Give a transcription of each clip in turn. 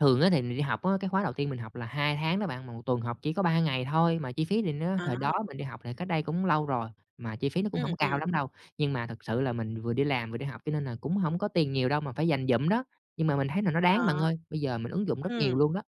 Thường á thì mình đi học á, cái khóa đầu tiên mình học là 2 tháng đó bạn, mà 1 tuần học chỉ có 3 ngày thôi mà chi phí thì nó À. thời đó mình đi học thì cách đây cũng lâu rồi, mà chi phí nó cũng Ừm, hổng cao ừm. lắm đâu. Nhưng mà thực sự là mình vừa đi làm vừa đi học cho nên là cũng hổng có tiền nhiều đâu, mà phải dành dụm đó, nhưng mà mình thấy là nó đáng À. bạn ơi, bây giờ mình ứng dụng rất nhiều Ừm. luôn đó.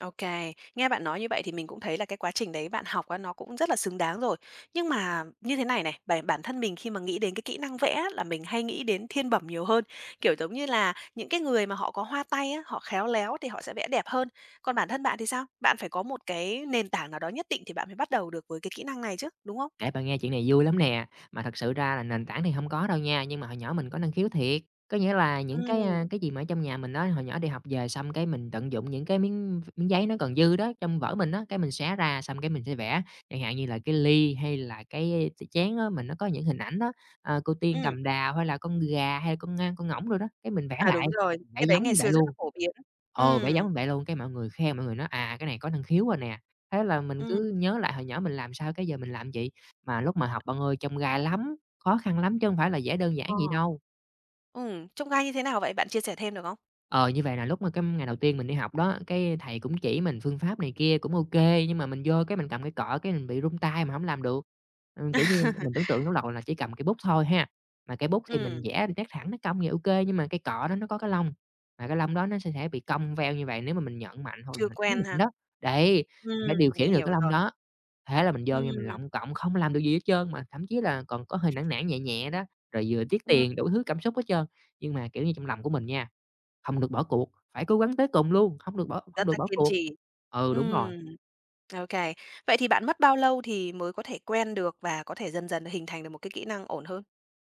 Ô kê. Nghe bạn nói như vậy thì mình cũng thấy là cái quá trình đấy bạn học á nó cũng rất là xứng đáng rồi. Nhưng mà như thế này này, bởi bản thân mình khi mà nghĩ đến cái kỹ năng vẽ á là mình hay nghĩ đến thiên bẩm nhiều hơn, kiểu giống như là những cái người mà họ có hoa tay á, họ khéo léo thì họ sẽ vẽ đẹp hơn. Còn bản thân bạn thì sao? Bạn phải có một cái nền tảng nào đó nhất định thì bạn mới bắt đầu được với cái kỹ năng này chứ, đúng không? Kể bạn nghe chuyện này vui lắm nè, mà thật sự ra là nền tảng thì hông có đâu nha, nhưng mà hồi nhỏ mình có năng khiếu thiệt. Có nghĩa là những, cái, a, Ừm. cái gì mà ở trong nhà mình á, hồi nhỏ đi học về xong, cái, mình tận dụng những cái miếng miếng giấy nó còn dư đó trong vở mình á, cái, mình xé ra xong, cái, mình sẽ vẽ, chẳng hạn như là cái ly hay là cái ch chén á mình nó có những hình ảnh đó, ờ, cô tiên Ừm. cầm đào hay là con gà hay là con ngan, con ngỗng đồ đó, cái, mình vẽ À, lại, đúng rồi. vẽ Cái đấy giống ngày như vậy xưa rất luôn. là phổ biến á. Ờ, vẽ Ừm. giống vậy luôn, cái, mọi người khen mọi người nói "À, cái này có năng khiếu rồi nè." Thế là mình Ừm. cứ nhớ lại hồi nhỏ mình làm sao, cái, giờ mình làm vậy, mà lúc mà học bạn ơi chông gai lắm, khó khăn lắm chứ hông phải là vẽ đơn giản Ờ. vậy đâu. Ừm, chông gai như thế nào vậy? Bạn chia sẻ thêm được không? Ờ, như vậy là lúc mà cái, ừm, ngày đầu tiên mình đi học đó, cái, thầy cũng chỉ mình phương pháp này kia cũng ô kê, nhưng mà mình vô, cái, mình cầm cây cọ, cái, mình bị run tay mình hổng làm được. Ừm, kiểu như, m mình tưởng tượng lúc đầu là chỉ cầm cây bút thôi ha, mà cây bút thì mình Ừm. vẽ được nét thẳng, nét cong thì ô kê nhưng mà cây cọ đó nó có cái lông, mà cái lông đó nó sẽ thể bị cong veo như vậy nếu mà mình nhận mạnh hoặc Chưa [unintelligible] mạnh quen ha? đó. Đấy, mình phải Ừm, điều khiển mình được hiểu cái lông rồi. đó, thế là mình vô nha mình Ừm. lọng cọng không làm được gì hết trơn, mà thậm chí là còn có hơi nản nản nhẹ nhẹ đó, rồi vừa tiếc Ừm. tiền đủ thứ cảm xúc hết trơn. Nhưng mà, kiểu như, trong lòng của mình nha "Hông được bỏ cuộc, phải cố gắng tới cùng luôn, không được bỏ hông Rất được là bỏ kiên cuộc." trì. Ừ, đúng rồi. Ừm. Okay, vậy thì bạn mất bao lâu thì mới có thể quen được và có thể dần dần hình thành được một cái kỹ năng ổn hơn?